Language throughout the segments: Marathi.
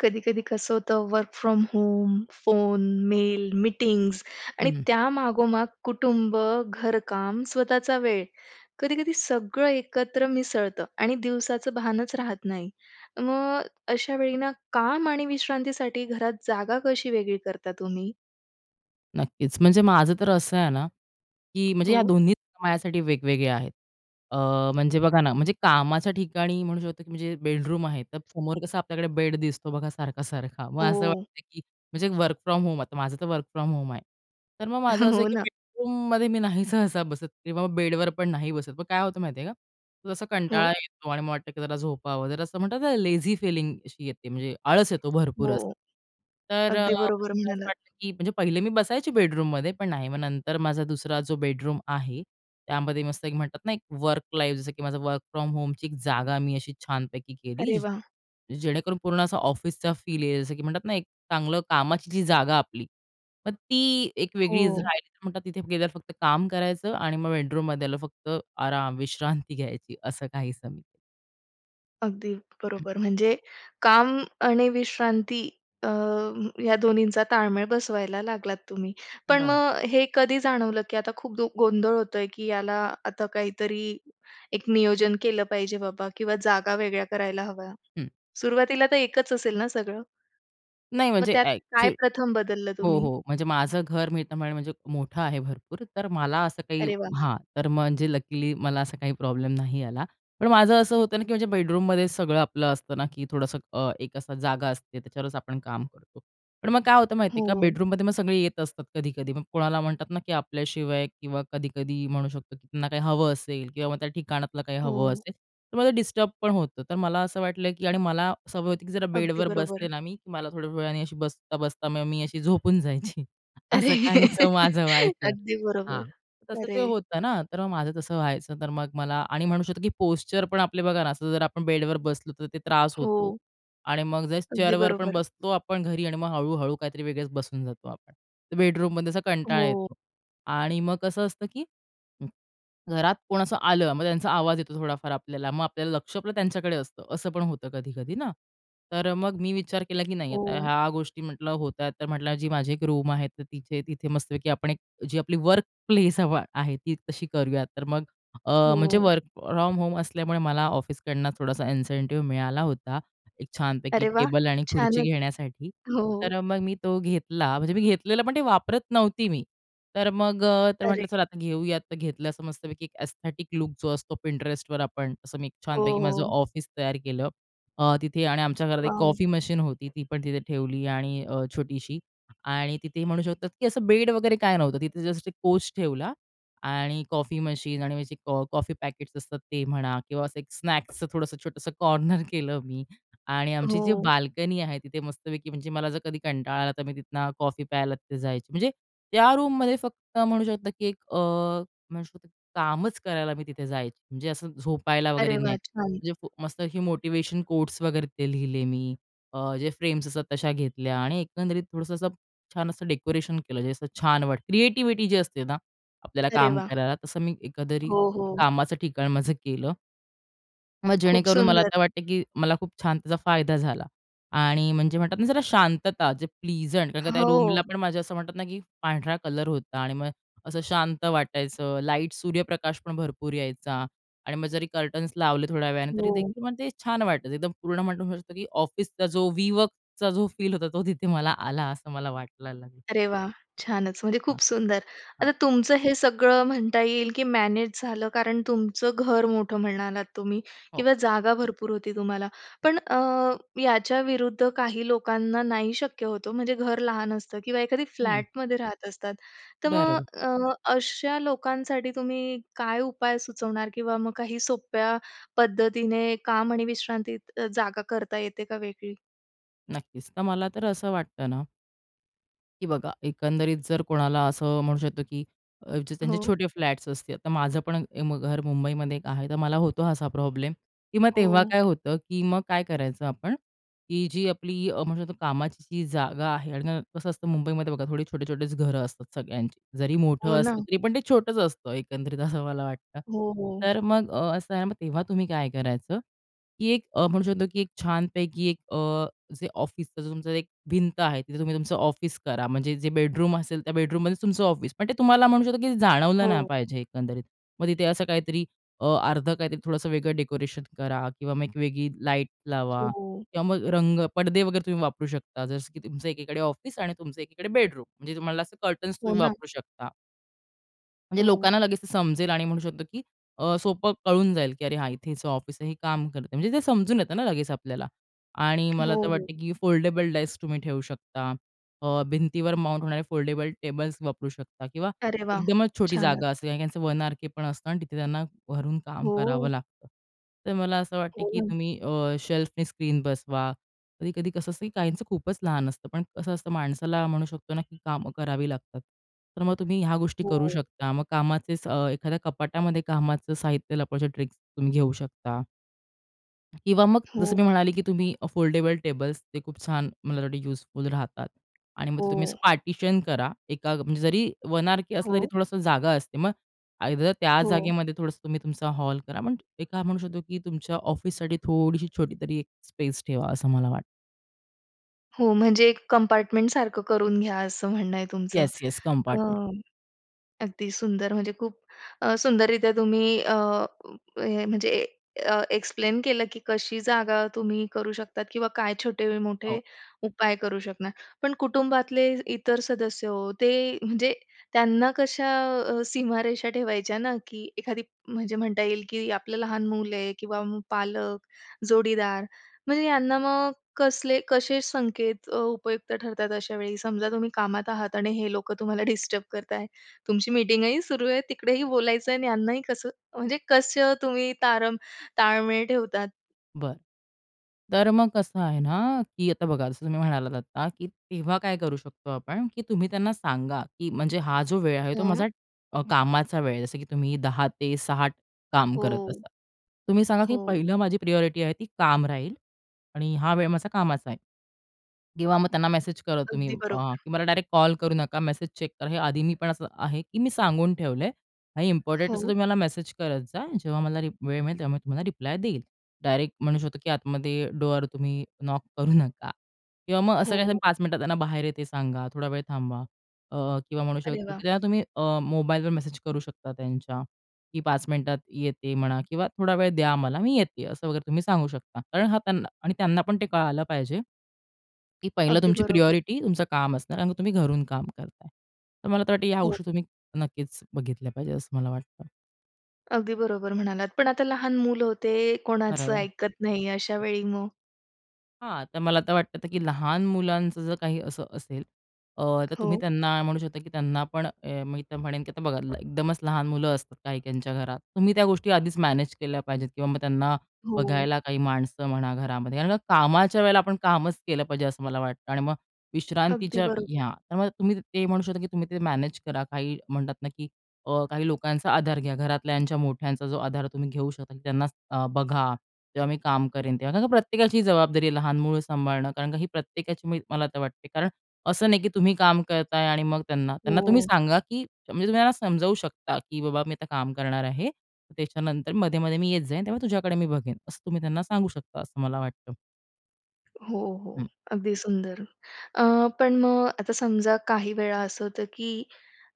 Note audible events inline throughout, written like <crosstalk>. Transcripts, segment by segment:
कधी-कधी कसं होतं, work from home, phone, mail, meetings आणि हं. त्या मागोमाग कुटुंब, घरकाम, स्वतःचा वेळ. कधी-कधी सगळं एकत्र मिसळतं आणि दिवसाचं भानच राहत नाही. मग अशा वेळी ना, काम आणि विश्रांतीसाठी घरात जागा कशी वेगळी करता तुम्ही? नक्कीच. म्हणजे माझं तर असं आहे ना, की म्हणजे या हो. दोन्ही माझ्यासाठी वेगवेगळ्या आहेत. अ, म्हणजे बघा ना, म्हणजे कामाच्या ठिकाणी म्हणू शकतो, की म्हणजे बेडरूम आहे. तर समोर कसा आपल्याकडे बेड दिसतो बघा सारखा-सारखा. मग असं हो. वाटतं, की म्हणजे वर्क फ्रॉम होम, आता माझं तर वर्क फ्रॉम होम, आहे, तर मग माझं <chuckles> असं हो आहे, की ना. बेडरूममध्ये मी नाही सहसा बसत किंवा बेडवरपण नाही बसत. मग काय होतं माहिती आहे का, जसा कंटाळा हो. येतो आणि मला वाटतं, की जरा झोपावं, जरा असं म्हणतात ना लेझी फीलिंग अशी येते, म्हणजे आळस येतो भरपूर हो. असं. तर अगदी मला बरोबर असं म्हणालात. वाटलं, की म्हणजे पहिले मी बसायची बेडरूममध्ये पण नाही. मग नंतर माझा दुसरा जो बेडरूम आहे त्यामध्ये मस्त एक म्हणतात ना एक वर्क लाईफ, जसं की माझ्या वर्क फ्रॉम होमची एक जागा मी अशी छानपैकी केली. अरे वाह! जेणेकरून पूर्ण असा ऑफिसचा फील येईल. जसं की म्हणतात ना, एक चांगलं कामाची जी जागा आपली, मग ती एक वेगळी हो. राहिली तर म्हणतात तिथे गेल्यावर फक्त काम करायचं आणि मग बेडरूममध्ये आल्यावर फक्त आराम विश्रांती घ्यायची. असं काहीसं. अगदी हं. बरोबर. म्हणजे काम आणि विश्रांती अ, या दोन्हींचा ताळमेळ बसवायला लागलात तुम्ही. पण बरं. मग हे कधी जाणवलं, की आता खूप दु गोंधळ होतोय की याला आता काहीतरी एक नियोजन केलं पाहिजे बाबा किंवा जागा वेगळ्या करायला हव्या? हं. सुरुवातीला तर एकच असेल ना सगळं? नाही मग म्हणजे त्यात ॲक चु काय प्रथम बदललं हो तुम्ही? हो, म्हणजे माझं घर मी आता म्हणेन म्हणजे मोठं आहे भरपूर. तर मला असं काही अरे वाह! हां, तर म्हणजे लकीली मला असा काही प्रॉब्लेम नाही आला. पण माझं असं होतं ना, की म्हणजे बेडरूममध्ये सगळं आपलं असतं ना, की थोडंसं अ, एक असं जागा असते, त्याच्यावरच आपण काम करतो. पण मग काय होतं माहिती आहे का, हो. बेडरूममध्ये मग सगळे येत असतात कधी-कधी. मग कोणाला म्हणतात ना, की आपल्याशिवाय किंवा कधी-कधी म्हणू शकतो, की त्यांना काही हवं असेल किंवा मग त्या ठिकाणातलं काही हवं हो. असेल, तर मला डिस्टर्ब पण होतं. तर मला असं वाटलं की आणि मला सवय होती, की जरा अगदी बेडवर बरोबर. बसले ना मी, की मला थोड्या वेळाने अशी बसता-बसता मग मी अशी झोपून जायची. अरे! असं काहीसं माझं <laughs> व्हायचं. अगदी बरोबर. हां, तसं ते अरे! होतं ना, तर मग माझं तसं व्हायचं. तर मग मला आणि म्हणू शकतो, की पोश्चर पण आपले बघा ना, असं जर आपण बेडवर बसलो तर ते त्रास होतो हो. आणि मग जे अगदी चेअरवर पण बरोबर. बसतो आपण घरी आणि मग हळू-हळू काहीतरी वेगळेच बसून जातो आपण. तर बेडरूममध्ये असा कंटाळा हो. येतो. आणि मग कसं असतं, की घरात कोण असं आलं मग त्यांचा आवाज येतो थोडाफार आपल्याला. मग आपलं लक्ष पण त्यांच्याकडे असतं, असं पण होतं कधी-कधी ना. तर अ, मग मी विचार केला, की नाही आता हो. ह्या गोष्टी म्हटलं होत्यात, तर म्हटलं जी माझी एक रूम आहे तर तिथे तिथे मस्तपैकी आपण एक जी आपली वर्कप्लेस हवा आहे ती तशी करूयात. तर मग अ, म्हणजे हो. वर्क फ्रॉम होम असल्यामुळे मला ऑफिसकडून थोडासा इन्सेन्टिव्ह मिळाला होता एक छानपैकी अरे वाह! टेबल आणि खुर्ची छानच. घेण्यासाठी. तर हो. अ, मग मी तो घेतला. म्हणजे मी घेतलेलं पण ते वापरत नव्हती मी. तर मग अ, तर अरे! म्हटलं चल आता घेऊयात. तर घेतलं असं मस्तपैकी एक एस्थेटिक लूक जो असतो Pinterestवर आपण असं मी एक हो, छानपैकी माझं हो. ऑफिस तयार केलं. अ, तिथे आणि आमच्या घरात एक वॉव! कॉफी मशीन होती. ती पण तिथे ठेवली आणि अ, छोटीशी आणि तिथे म्हणू शकतात, की असं बेड वगैरे काही नव्हतं. तिथे जस्ट एक कोच ठेवला आणि कॉफी मशीन आणि मग जे कॉ कॉफी पॅकेट्स असतात ते म्हणा किंवा असं एक स्नॅक्सचं थोडंसं छोटंसं कॉर्नर केलं मी. आणि आमची जी हो. बाल्कनी आहे तिथे मस्तपैकी म्हणजे मला जर कधी कंटाळा आला तर मी तिथनं कॉफी प्यायला तिथे जायची. म्हणजे त्या रूममध्ये फक्त म्हणू शकतो, की एक अ, म्हणू शकतो कामच करायला मी तिथे जायची. म्हणजे असं झोपायला वगैरे अरे नाही. वाह! छान. म्हणजे मस्त असे मोटिव्हेशन कोट्स वगैरे ते लिहिले मी. अ, जे फ्रेम्स असतात तशा घेतल्या आणि एकंदरीत थोडंसं असं छान असं डेकोरेशन केलं जे असं छान वाटतं. क्रिएटिव्हिटी जी असते ना आपल्याला अरे काम वाह! करायला तसं मी एकंदरीत हो, हो. कामाचं ठिकाण माझं केलं. मग खूप जेणेकरून मला सुंदर. तर वाटते, की मला खूप छान त्याचा फायदा झाला आणि म्हणजे म्हणतात ना, जरा शांतता. जे प्लिजंट कारण का त्या रूमला हो. पण माझं असं म्हणतात ना, की पांढरा कलर होता आणि मग असं शांत वाटायचं. लाईट, सूर्यप्रकाशपण भरपूर यायचा आणि मग जरी कर्टन्स लावले थोड्या वेळाने. हो. तरीदेखील मग ते छान वाटतं. एकदम पूर्ण म्हणू शकतो, की ऑफिसचा जो वीवर्कचा जो फील होता. तो तिथे मला आला असं मला वाटलेलं अरे, वाह! छानच. म्हणजे हां, खूप सुंदर. हां. आता तुमचं हे सगळं म्हणता येईल, की मॅनेज झालं कारण तुमचं घर मोठं म्हणालात तुम्ही हो. किंवा जागा भरपूर होती तुम्हाला. पण अ, याच्याविरुद्ध काही लोकांना नाही शक्य होतं ओ. म्हणजे घर लहान असतं किंवा एखादी हं. फ्लॅटमध्ये राहत असतात. तर मग बरोबर. अ, अशा लोकांसाठी तुम्ही काय उपाय सुचवणार? किंवा मग काही सोप्या पद्धतीने काम आणि विश्रांतीत जागा करता येते का वेगळी? नक्कीच तर मला तर असं वाटतं ना की बघा एकंदरीत जर कोणाला असं म्हणू शकतो, की जे त्यांचे हो. छोटे फ्लॅट्स असतील. तर माझं पण घर मुंबईमध्ये एक आहे. तर मला होतो असा प्रॉब्लेम किंवा मग तेव्हा हो. काय होतं, की मग काय करायचं आपण, की जी आपली अ, म्हणू शकतो कामाची जी जागा आहे आणि कसं असतं मुंबईमध्ये बघा थोडी छोटे-छोटेच घरं असतात सगळ्यांची. जरी हो मोठं असलं ना. तरी पण ते छोटंच असतं एकंदरीत असं मला वाटतं. हो, हो. तर मग असं आहे ना मग तेव्हा तुम्ही काय करायचं? की एक म्हणू शकतो, की एक छानपैकी एक अ, जे ऑफिस तुमचं एक भिंत आहे. तिथे तुम्ही तुमचं ऑफिस करा. म्हणजे जे बेडरूम असेल, त्या बेडरूममध्येच तुमचं ऑफिस. पण ते तुम्हाला म्हणू शकतो, की जाणवलं नाही हो. पाहिजे एकंदरीत. मग तिथे असं काहीतरी अ, अर्धं काहीतरी थोडंसं वेगळं डेकोरेशन करा किंवा मग एक वेगळी लाईट लावा हो. किंवा मग रंग, पडदे वगैरे तुम्ही वापरू शकता जसं की तुमचं एकीकडे ऑफिस आणि तुमचं एकीकडे बेडरूम. म्हणजे तुम्हाला असं कर्टन्स हो तुम्ही ना. वापरू शकता. म्हणजे हो. लोकांना लगेच ते समजेल आणि म्हणू शकतो की अ, सोपं कळून जाईल की अरे, हां इथे त्याचं ऑफिस आहे. हे काम करतंय. म्हणजे ते समजून येतं ना लगेच आपल्याला. आणि मला हो, तर हो. वाटतं की फोल्डेबल डाइस तुम्ही ठेवू शकता. अ, भिंतीवर माउंट होणारे फोल्डेबल टेबल्स वापरू शकता किंवा अरे वाह! एकदमच छोटी छानच. जागा असते आणि त्यांचं वन आरकेपण असतं आणि तिथे त्यांना घरून काम करावं हो. लागतं. तर मला असं वाटतं की हो. तुम्ही अ, शेल्फने स्क्रीन बसवा. कधी-कधी कसं असतं की काहींचं खूपच लहान असतं. पण कसं असतं माणसाला म्हणू शकतो ना की कामं करावी लागतात. तर मग तुम्ही ह्या गोष्टी करू हो. शकता. मग कामाचे स अ, एखाद्या कपाटामध्ये कामाचं साहित्य लपवायच्या ट्रिक्स तुम्ही घेऊ शकता. किंवा मग हो. जसं मी म्हणाले की तुम्ही फोल्डेबल टेबल्स ते खूप छान मला वाटतं यूजफुल राहतात. आणि मग हो. तुम्ही असं पार्टिशन करा. एका म्हणजे जरी वन आरके असलं. तरी हो. थोडासा जागा असते. मग आयदर त्या हो. जागेमध्ये थोडंसं तुम्ही तुमचा हॉल करा. पण एका म्हणू शकतो की तुमच्या ऑफिससाठी थोडीशी छोटी तरी एक स्पेस ठेवा असं मला वाटतं. हो. म्हणजे एक कंपार्टमेंटसारखं करून घ्या असं म्हणणं आहे तुमचं. Yes, yes. अ, कंपार्टमेंट. अगदी सुंदर म्हणजे खूप अ, सुंदररीत्या तुम्ही अ, म्हणजे अ, एक्सप्लेन केलं की कशी जागा तुम्ही करू शकतात किंवा काय छोटे-मोठे हो. उपाय करू शकणार. पण कुटुंबातले इतर सदस्य ते म्हणजे त्यांना कशा अ, सीमारेषा ठेवायच्या ना. की एखादी, जे म्हणता येईल की आपलं लहान मुल आहे किंवा मग पालक, जोडीदार म्हणजे यांना मग कसले कसे संकेत अ, उपयुक्त ठरतात अशा वेळी. समजा तुम्ही कामात आहात आणि हे लोकं तुम्हाला डिस्टर्ब करताय. तुमची मीटिंगही सुरू आहे. तिकडेही बोलायचं आहे आणि यांनाही कसं म्हणजे कसं तुम्ही तारम ताळमेळ ठेवतात? बरं. तर मग कसं आहे ना की आता बघा जसं तुम्ही म्हणालात आता की तेव्हा काय करू शकतो आपण की तुम्ही त्यांना सांगा, की म्हणजे हा जो वेळ आहे तो हम्म. माझा अ, कामाचा वेळ आहे. जसं की तुम्ही 10 ते 7 काम करत हो. असाल. तुम्ही सांगा की हो. "पहिलं माझी प्रायोरिटी आहे ती काम राहील आणि हा वेळ माझा कामाचा आहे. किंवा मग त्यांना मेसेज करा तुम्ही अगदी अ, बरोबर. "मला डायरेक्ट कॉल करू नका. मेसेज चेक करा." हे आधी मी पण असं आहे की मी सांगून ठेवलंय आणि इम्पोर्टंट असं हो. तुम्ही मला मेसेज करत जा. जेव्हा मला रि वेळ मिळेल तेव्हा मी तुम्हाला रिप्लाय देईल. डायरेक्ट म्हणू शकतो की आतमध्ये डोर तुम्ही नॉक करू नका किंवा मग असं काही हो. पाच मिनिटात त्यांना बाहेर येते सांगा. थोडा वेळ थांबा अ, किंवा म्हणू अरे शकतो की वाह! त्यांना तुम्ही अ, मोबाईलवर मेसेज करू शकता त्यांच्या की पाच मिनिटात येते म्हणा किंवा थोडा वेळ द्या मला. मी येते. असं वगैरे तुम्ही सांगू शकता. कारण हां त्यांना आणि त्यांना पण ते कळालं पाहिजे की पहिलं अगदी तुमची बरोबर. प्रायोरिटी तुमचं काम असणार आणि तुम्ही घरून काम करताय. तर मला तर वाटतं या हो. गोष्टी तुम्ही नक्कीच बघितल्या पाहिजेत असं मला वाटतं. अगदी बरोबर म्हणालात. पण आता लहान मुलं हो ते, कोणाचं बरोबर. ऐकत नाही अशा वेळी मग? हां. तर मला तर वाटतं, की लहान मुलांचं जर काही असं असेल अ, तर तुम्ही हो. त्यांना म्हणू शकता, की त्यांना पण अ, मी तर म्हणेन की आता बघा एकदमच लहान मुलं असतात काहीच्या घरात. तुम्ही त्या गोष्टी आधीच मॅनेज केल्या पाहिजेत किंवा मग त्यांना हाे. बघायला काही माणसं म्हणा घरामध्ये. कारण का कामाच्या वेळेला आपण कामच केलं पाहिजे असं मला वाटतं आणि मग अगदी विश्रांतीच्या बरोबर. हां, तर मग तुम्ही ते म्हणू शकता की तुम्ही ते मॅनेज करा. काही म्हणतात ना की अ, काही लोकांचा आधार घ्या घरातल्याच्या मोठ्यांचा जो आधार तुम्ही घेऊ शकता त्यांना अ, बघा. जेव्हा मी काम करेन तेव्हा. कारण का प्रत्येकाची जबाबदारी आहे लहान मूल सांभाळणं कारण का ही प्रत्येकाची मी मला तर वाटते. कारण असं नाही की तुम्ही काम करत आहे आणि मग त्यांना त्यांना तुम्ही हो. सांगा की म्हणजे तुम्ही त्यांना समजावू शकता की, "बाबा मी आता काम करणार आहे, त्याच्यानंतर मध्ये-मध्ये मी येत जाईन तेव्हा तुझ्याकडे मी बघेन." असं तुम्ही त्यांना सांगू शकता असं मला वाटतं. हो, हो, हं. अगदी सुंदर. अ, पण मग आता समजा काही वेळा असं होतं, की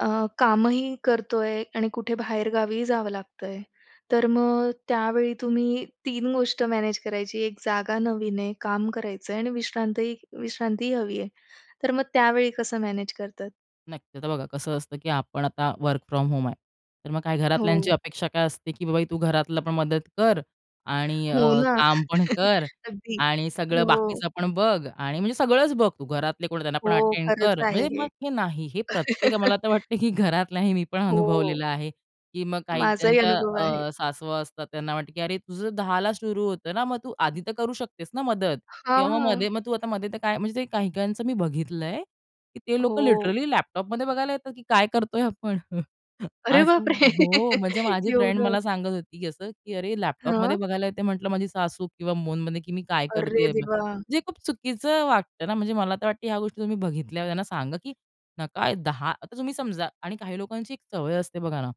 अ, कामही करतो आहे आणि कुठे बाहेरगावी जावं लागतंय तर मग त्यावेळी तुम्ही 3 गोष्ट मॅनेज करायची. एक जागा नवीन आहे, काम करायचं आहे आणि विश्रांतही विश्रांतीही हवी आहे. तर मग त्यावेळी कसं मॅनेज करतात? नक्की. आता बघा कसं असतं, की आपण आता वर्क फ्रॉम होम आहे. तर मग काय घरातल्यांची हो. अपेक्षा काय असते, की बा बाई तू घरातली पण मदत कर आणि हो अ, ना. काम पण <chuckles> कर अगदी. आणि सगळं हो. बाकीचं पण बघ आणि म्हणजे सगळंच बघ तू. घरातले कोण आहे त्यांना पण हो, अटेंड खरंच कर. आहे म्हणजे हे. मग हे नाही हे प्रत्येक, मला <chuckles> तर वाटतं, की घरातलाही मी पण हो. अनुभवलेलं आहे, की मग काही माझाही त्यांच्या अनुभव आहे. अ, सासवा असतात. त्यांना वाटतं, की अरे, तुझं 10ला सुरू होतं ना, मग तू आधी तर करू शकतेस ना मदत? किंवा मग हां. मध्ये मग तू आता मध्ये तर काय म्हणजे ते काही-काहींचं मी बघितलंय, की ते लोक हो. लिटरली लॅपटॉपमध्ये बघायला येतात, की काय करतोय आपण. अरे असं बापरे! हो, म्हणजे माझी फ्रेंड एवढं. मला सांगत होती, की असं, की अरे, लॅपटॉपमध्ये हां? बघायला येते म्हटलं माझी सासू किंवा फोनमध्ये, की मी काय अरे करतेय. देवा! जे खूप चुकीचं वाटतं ना. म्हणजे मला तर वाटतं ह्या गोष्टी तुम्ही बघितल्यावर त्यांना सांगा, की न काय 10 आता तुम्ही समजा आणि काही लोकांची एक सवय असते बघा ना,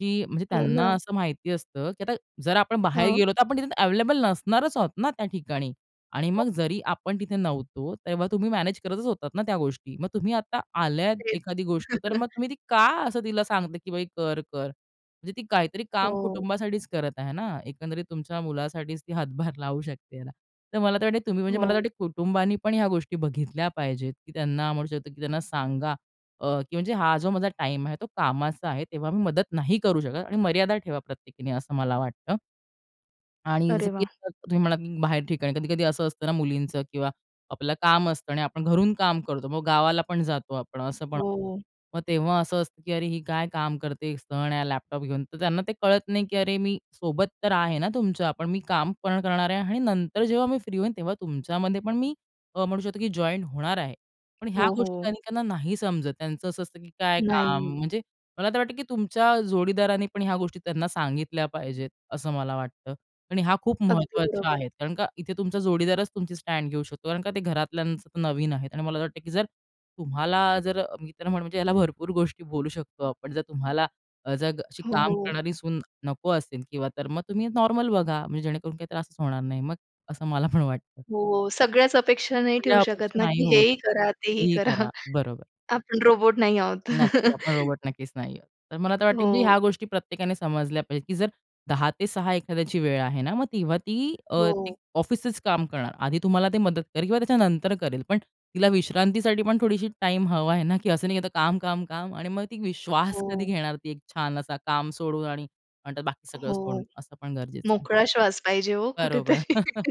की म्हणजे हो त्यांना ना. असं माहिती असतं, की आता जर आपण बाहेर हां. गेलो, तर आपण तिथे अवेलेबल नसणारच आहोत ना त्या ठिकाणी. आणि हो. मग जरी आपण तिथे नव्हतो तेव्हा तुम्ही मॅनेज करतच होतात ना त्या गोष्टी. मग तुम्ही आता आल्यात तेच. एखादी गोष्ट तर मग <chuckles> तुम्ही ती का असं तिला सांगता, की बाई कर, कर? म्हणजे ती काहीतरी काम हो. कुटुंबासाठीच करत आहे ना. एकंदरीत तुमच्या मुलासाठीच ती हातभार लावू शकते ह्याला. तर मला तर वाटतं तुम्ही म्हणजे मला तर हो. वाटतं कुटुंबाने पण ह्या गोष्टी बघितल्या पाहिजेत, की त्यांना म्हणू शकतो, की त्यांना सांगा अ, की म्हणजे हा जो माझा टाईम आहे तो कामाचा आहे. तेव्हा मी मदत नाही करू शकत आणि मर्यादा ठेवा प्रत्येकीने, असं मला वाटतं. आणि जसं अरे की वाह! तुम्ही म्हणालात, की बाहेर ठिकाणी कधी-कधी असं असतं ना मुलींचं किंवा आपलं काम असतं आणि आपण घरून काम करतो. मग गावाला पण जातो आपण असं पण हो. मग तेव्हा असं असतं, की अरे, ही काय काम करते, एक सण आहे लॅपटॉप घेऊन. तर त्यांना ते कळत नाही, की अरे, मी सोबत तर आहे ना तुमच्या. पण मी काम पण करणार आहे आणि नंतर जेव्हा मी फ्री होईन तेव्हा तुमच्यामध्ये पण मी अ, म्हणू शकतो, की जॉइन होणार आहे. पण ह्या हो, गोष्टी हो. अनेकांना नाही समजत. त्यांचं असं असतं, की काय काम? नाही. म्हणजे मला तर वाटतं, की तुमच्या जोडीदारानी पण ह्या गोष्टी त्यांना सांगितल्या पाहिजेत, असं मला वाटतं. आणि ह्या खूप अगदी महत्त्वाच्या बरोबर. आहेत. कारण का इथे तुमचा जोडीदारच तुमची स्टँड घेऊ शकतो. कारण का ते घरातल्यांच ते नवीन आहेत. आणि मला तर वाटतं, की जर तुम्हाला जर अ, मी तर म्हण म्हणजे ह्याला भरपूर गोष्टी बोलू शकतो आपण, जर तुम्हाला जर अ, अशी काम हो. करणारी सून नको असेल किंवा तर मग तुम्ही नॉर्मल बघा. म्हणजे जेणेकरून काही त्रासच होणार नाही, मग असं मला पण वाटतं. हो, सगळ्याच अपेक्षा नाही सगळ्या ठेऊ शकत अपेक्षा ना, नाही की हे होऊ ही शकत करा, ते ही काहीही करा. करा. बरोबर. आपण रोबोट नाही आहोत. नक्कीच. आपण <chuckles> रोबोट नक्कीच नाही आहोत. तर मला तर वाटतं, की मी हो. ह्या गोष्टी प्रत्येकाने समजल्या पाहिजेत, की जर 10 ते 6 एखाद्याची वेळ आहे ना, मग तेव्हा ती अ, एक हो. ऑफिसचंच काम करणार. आधी तुम्हाला ते मदत करेल किंवा त्याच्यानंतर करेल. पण तिला विश्रांतीसाठी पण थोडीशी टाईम हवा आहे ना, की असं नाही, की आता काम, काम, काम आणि मग ती वी श्वास कधी हो घेणार ती एक छान असा काम सोडून आणि म्हणतात बाकी सगळं सोडून? हो. असं पण गरजेचं आहे. मोकळा श्वास पाहिजे हो बरोबर. कुठेतरी. <chuckles>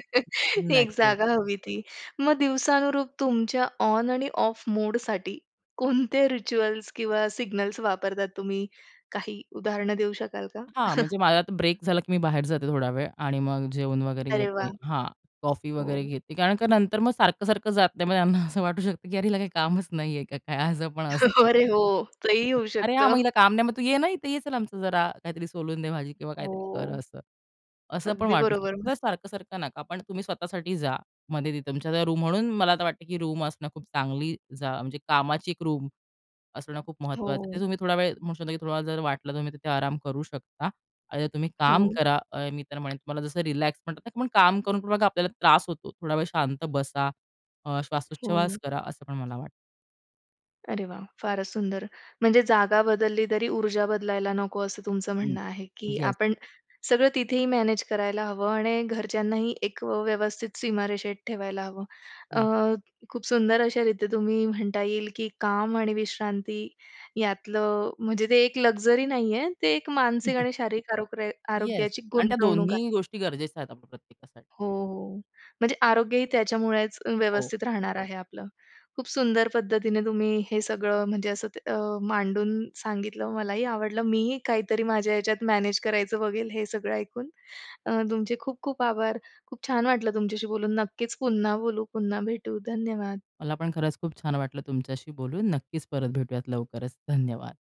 एक नक्कीच. जागा हवी ती. मग दिवसानुरूप तुमच्या ऑन आणि ऑफ मोडसाठी कोणते रिच्युअल्स किंवा सिग्नल्स वापरता तुम्ही? काही उदाहरणं देऊ शकाल का? हां, <chuckles> म्हणजे माझा आता ब्रेक झाला, की मी बाहेर जाते थोडा वेळ आणि मग जेवण वगैरे अरे घेते. वाह! हां, कॉफी वगैरे हो. घेते. कारण का नंतर मग सारखं-सारखं जात नाही. मग त्यांना असं वाटू शकतं, की "अरे, हिला काही कामच नाहीये का काय?" असं पण असतं. अरे हो. तेही होऊ "अरे, हां, शकतं. मग हिला काम नाही. मग तू ये ना इथे. ये चल आमचं जरा काहीतरी सोलून दे भाजी किंवा काहीतरी कर" हो. असं. असं पण अगदी वाटू बरोबर शकतं. जर म्हणालात. सारखं-सारखं नका, पण तुम्ही स्वतःसाठी जा मध्ये तिथं तुमच्या रूम. म्हणून मला आता वाटतंय, की रूम असणं खूप चांगली जा म्हणजे कामाची एक रूम असणं खूप महत्त्वाचं आहे. तिथे हो. तुम्ही थोडा वेळ म्हणू शकतो, की थोडा वेळ जर वाटलं तर तुम्ही तिथे आराम करू शकता आणि तुम्ही काम हो. करा. अ, मी तर म्हणेन तुम्हाला जसं रिलॅक्स म्हणतात पण काम करून बघा आपल्याला त्रास होतो. थोडा वेळ शांत बसा, अ, हो. श्वासोच्छवास करा, असं पण मला वाट अरे वाह! फारच सुंदर! म्हणजे जागा बदलली तरी ऊर्जा बदलायला नको असं तुमचं हं. म्हणणं आहे, की येस. आपण सगळं तिथेही मॅनेज करायला हवं आणि घरच्यांनाही एक व्यवस्थित सीमारेषेत ठेवायला हवं. अ, नाही. खूप सुंदर अशा रित्या तुम्ही म्हणता येईल, की काम आणि विश्रांती यातलं म्हणजे ते एक लक्झरी नाहीये, ते एक मानसिक <chuckles> आणि शारीरिक आरोग्र येस आरोग्याची आणि त्या गुंतवणूक आहे. दोन्ही गोष्टी गरजेच्या आहेत आपल्या प्रत्येकासाठी. हो, हो. म्हणजे आरोग्यही त्याच्यामुळेच हो. व्यवस्थित राहणार आहे आपलं. खूप सुंदर पद्धतीने तुम्ही हे सगळं म्हणजे असं ते अ, मांडून सांगितलं. मलाही आवडलं. मीही काहीतरी माझ्या ह्याच्यात मॅनेज करायचं बघेल, हे सगळं ऐकून. अ, तुमचे खूप खूप आभार. खूप छान वाटलं तुमच्याशी बोलून. नक्कीच पुन्हा बोलू, पुन्हा भेटू. धन्यवाद. मला पण खरंच खूप छान वाटलं तुमच्याशी बोलून. नक्कीच परत भेटूयात लवकरच. धन्यवाद.